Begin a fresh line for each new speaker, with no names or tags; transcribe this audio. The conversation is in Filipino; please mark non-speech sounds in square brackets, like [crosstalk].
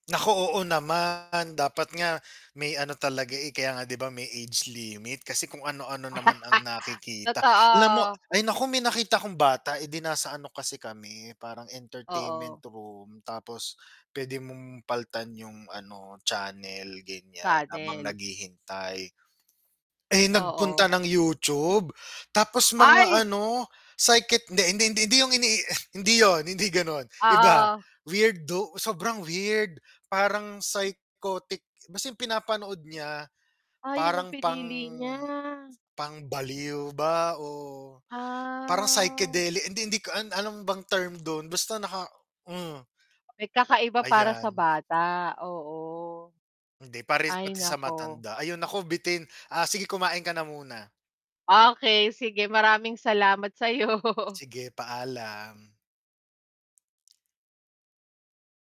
Naku. Oo naman dapat nga may ano talaga, eh, kaya nga 'di ba, may age limit kasi kung ano ano naman
[laughs]
ang nakikita. Alam mo
Totoo.
ay nako, may nakita kong bata, edi nasa ano kasi kami parang
Oo.
entertainment room tapos p'wede mong palitan 'yung ano channel gan'yan,
Sa
habang
'tin.
naghihintay, eh,
Oo.
nagpunta ng YouTube tapos mga
Ay.
ano, psychic hindi, hindi, hindi, hindi yung ini hindi 'yun hindi gano'n, iba
Ah, oo.
weirdo, sobrang weird parang psychotic, kasi 'yung pinapanood niya
Ay 'yun ang
parang pang
pinili niya.
pang baliw ba o parang
Ah.
psychedelic. Hindi Hindi ko alam ano bang term dun basta naka hmm.
May kakaiba para sa
Ayan.
bata, oo.
Hindi pare
Ay
pati sa
naku.
matanda ayun ako bitin, ah. Sige kumain ka na muna.
Ah, okey sige maraming salamat sa 'yo.
Sige paalam.